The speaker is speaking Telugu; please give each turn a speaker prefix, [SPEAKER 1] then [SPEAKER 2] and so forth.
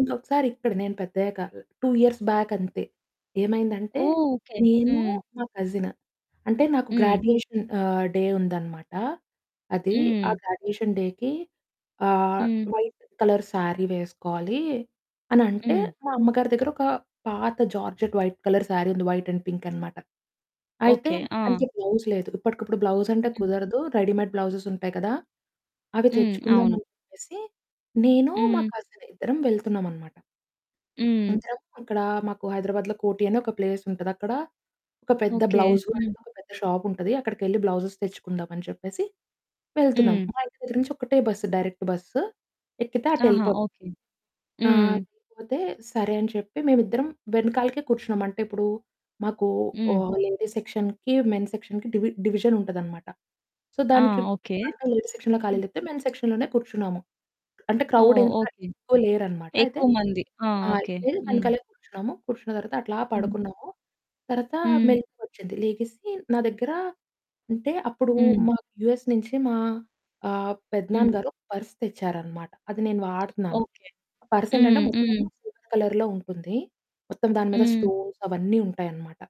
[SPEAKER 1] ఇంకొకసారి ఇక్కడ నేను పెద్దయ్యాక 2 ఇయర్స్ బ్యాకంతే. ఏమైందంటే
[SPEAKER 2] ఓహ్! ఓకే.
[SPEAKER 1] నేను
[SPEAKER 2] హ్మ్.
[SPEAKER 1] మా కజిను. అంటే నాకు
[SPEAKER 2] హ్మ్.
[SPEAKER 1] గ్రాడ్యుయేషన్ ఆహ్, డే ఉందన్నమాట. అది ఆ
[SPEAKER 2] హ్మ్.
[SPEAKER 1] గ్రాడ్యుయేషన్ డేకి. ఆహ్,
[SPEAKER 2] హ్మ్.
[SPEAKER 1] వైట్ కలర్ శారీ వేసుకోవాలి. అనంటే
[SPEAKER 2] హ్మ్.
[SPEAKER 1] మా అమ్మ గారి దగ్గర ఒక పాత జార్జెట్ వైట్ కలర్ శారీ ఉంది వైట్ అండ్ పింక్ అనమాట. అయితే
[SPEAKER 2] ఓకే. ఆ!
[SPEAKER 1] దానికి బ్లౌజ్ లేదు. ఇప్పటికిప్పుడు బ్లౌజ్ అంటే
[SPEAKER 2] హ్మ్.
[SPEAKER 1] కుదరదు. రెడీమేడ్ బ్లౌజెస్ ఉంటాయి కదా! అవి
[SPEAKER 2] హ్మ్.
[SPEAKER 1] తెచ్చుకుందాం
[SPEAKER 2] అవును.
[SPEAKER 1] అని చెప్పేసి, నేను మా
[SPEAKER 2] హ్మ్.
[SPEAKER 1] కజిను ఇద్దరం వెళ్తున్నాం అన్నమాట.
[SPEAKER 2] హ్మ్.
[SPEAKER 1] [unintelligible] అక్కడ మాకు హైదరాబాద్‌లో కోటి అనే ఒక ప్లేస్ ఉంటది. అక్కడ ఒక పెద్ద
[SPEAKER 2] ఓకే.
[SPEAKER 1] బ్లౌజ్ వరల్డ్
[SPEAKER 2] హ్మ్.
[SPEAKER 1] అనేదొక ఒక పెద్ద షాపు ఉంటది. అక్కడికెళ్లి బ్లౌజె‌స్ తెచ్చుకుందాం అని చెప్పేసి వెళ్తున్నాం.
[SPEAKER 2] హ్మ్.
[SPEAKER 1] మా ఇంటి దగ్గర నుంచి ఒకటే బస్సు. డైరెక్ట్ బస్సు ఎక్కితే
[SPEAKER 2] ఆహా!
[SPEAKER 1] అటేళ్ళిపోతాం.
[SPEAKER 2] ఓకే.
[SPEAKER 1] ఆ!
[SPEAKER 2] హ్మ్.
[SPEAKER 1] సరిపోతే సరే అని చెప్పి మేము ఇద్దరం వెనకాలకే కూర్చున్నాం. అంటే ఇప్పుడు మాకు
[SPEAKER 2] హ్మ్.
[SPEAKER 1] ఓహ్, లేడీస్ సెక్షన్‌కి మెన్ సెక్షన్‌కి డివి డివిజన్ ఉంటది అన్నమాట. సో
[SPEAKER 2] ఆ!
[SPEAKER 1] దానికి
[SPEAKER 2] ఓకే.
[SPEAKER 1] బాగా లేడీ సెక్షన్‌లో ఖాళీ
[SPEAKER 2] హ్మ్.
[SPEAKER 1] లేతే మెన్ సెక్షన్‌ లోనే కూర్చున్నాము. అంటే క్రౌడ్
[SPEAKER 2] ఓహ్!
[SPEAKER 1] వెనుకాల
[SPEAKER 2] ఓకే.
[SPEAKER 1] ఎక్కువ లేరు అన్నమాట. అయితే,
[SPEAKER 2] ఎక్కువ మంది. ఆ!
[SPEAKER 1] ఆ!
[SPEAKER 2] ఓకే.
[SPEAKER 1] వెళ్ళి
[SPEAKER 2] హ్మ్.
[SPEAKER 1] వెనకాలే కూర్చున్నాము. కూర్చున్న తర్వాత అట్లా
[SPEAKER 2] హ్మ్.
[SPEAKER 1] పడుకున్నాము. తర్వాత
[SPEAKER 2] హ్మ్.
[SPEAKER 1] మెలుకువ వచ్చింది. లేగిసి నా దగ్గర అంటే అప్పుడు
[SPEAKER 2] హ్మ్.
[SPEAKER 1] మాకు యూఎస్ నుంచి మా ఆహ్, పెదనాన్న
[SPEAKER 2] హ్మ్.
[SPEAKER 1] గారు ఓ పర్స్ తెచ్చారన్నమాట. అది నేను వాడుతున్నాను.
[SPEAKER 2] ఓకే.
[SPEAKER 1] పర్సెంటంటే
[SPEAKER 2] హ్మ్.
[SPEAKER 1] మొత్తము
[SPEAKER 2] హ్మ్.
[SPEAKER 1] సిల్వర్ కలర్‌లో ఉంటుంది. మొత్తం దాని మీద
[SPEAKER 2] హ్మ్.
[SPEAKER 1] స్టోన్స్ అవన్నీ ఉంటాయనమాట.